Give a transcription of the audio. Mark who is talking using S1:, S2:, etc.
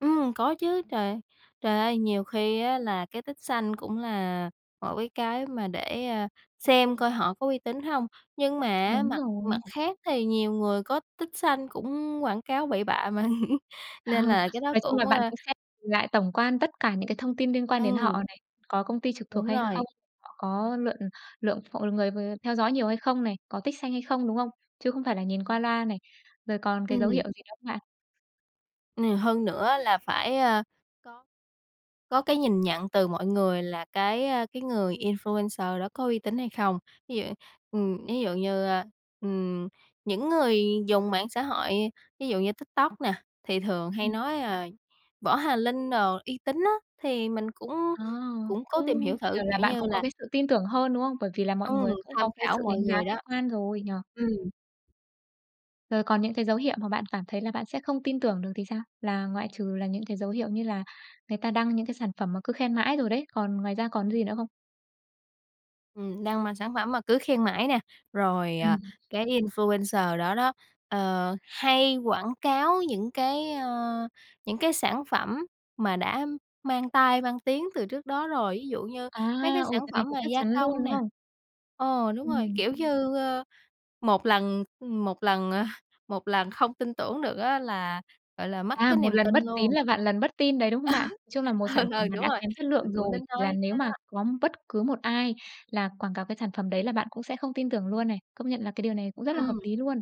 S1: Ừm, có chứ, trời ơi trời ơi, nhiều khi á là cái tích xanh cũng là mỗi cái mà để, a, xem coi họ có uy tín hông. Nhưng mà á
S2: Đúng
S1: mặt mặt
S2: rồi.
S1: khác thì nhiều người có tích xanh cũng quảng cáo bậy bạ mà
S2: Ờ,
S1: nên là cái đó
S2: nói chung là
S1: cũng,
S2: bạn
S1: a
S2: cũng sẽ lại tổng quan tất cả những cái thông tin liên quan đến họ
S1: Ừm.
S2: này, có công ty trực thuộc
S1: Đúng
S2: hay
S1: rồi.
S2: không, họ có lượn lượng ph người, ờ, theo dõi nhiều hay không này, có tích xanh hay không, đúng không? Chứ không phải là nhìn qua loa này, rồi còn cái dấu hiệu
S1: Ừm.
S2: gì nữa không bạn?
S1: Ừ, hơn nữa là phải, a, có có cái nhìn nhận từ mọi người là cái, a, cái người influencer đó có uy tín hay không. Ví dụ, ừm, ví dụ như, a, ừm, những người dùng mạng xã hội, ví dụ như TikTok nè, thì thường hay
S2: Ừm.
S1: nói, ờ, Võ Hà Linh đồ uy tín á, thì mình cũng
S2: À,
S1: cũng cố
S2: cũng
S1: tìm hiểu thử,
S2: kiểu là,
S1: kiểu
S2: bạn
S1: như
S2: cũng có
S1: là
S2: cái sự tin tưởng hơn, đúng không? Bởi vì là mọi
S1: Ừm,
S2: người cũng
S1: tham
S2: có cái
S1: khảo
S2: sự
S1: mọi
S2: đánh giá
S1: người
S2: khách
S1: đó,
S2: quan rồi, nhỉ?
S1: ừm.
S2: Rồi còn những cái dấu hiệu mà bạn cảm thấy là bạn sẽ không tin tưởng được thì sao? Là ngoại trừ là những cái dấu hiệu như là người ta đăng những cái sản phẩm mà cứ khen mãi rồi đấy, còn ngoài ra còn cái gì nữa không?
S1: Ừm, đang mang sản phẩm mà cứ khen mãi nè, rồi, à,
S2: Ừm.
S1: cái influencer đó đó, ờ, hay quảng cáo những cái, ơ, những cái sản phẩm mà đã mang tai, mang tiếng từ trước đó rồi, ví dụ như
S2: À,
S1: mấy cái
S2: ồ,
S1: sản
S2: cái này
S1: phẩm
S2: thì
S1: mà
S2: chắc
S1: gia
S2: chắn luôn,
S1: công
S2: đúng
S1: nè
S2: không?
S1: ờ, đúng rồi,
S2: Ừm.
S1: kiểu như, ơ, 1 lần 1 lần, à, lần không tin tưởng được á là, gọi là, mất
S2: À,
S1: cái
S2: một
S1: niềm
S2: lần
S1: tin
S2: bất tín
S1: luôn.
S2: là vạn lần bất tin đấy, đúng không bạn? Chung là một
S1: Ừ,
S2: sản phẩm
S1: ừ,
S2: mà
S1: đúng
S2: đã
S1: rồi,
S2: kém chất lượng
S1: mình cũng
S2: rồi,
S1: tính
S2: thì là
S1: nói
S2: nếu
S1: cái đó.
S2: mà có bất cứ một ai là quảng cáo cái sản phẩm đấy là bạn cũng sẽ không tin tưởng luôn này. Công nhận là cái điều này cũng rất là hợp
S1: Ừm.
S2: lý luôn.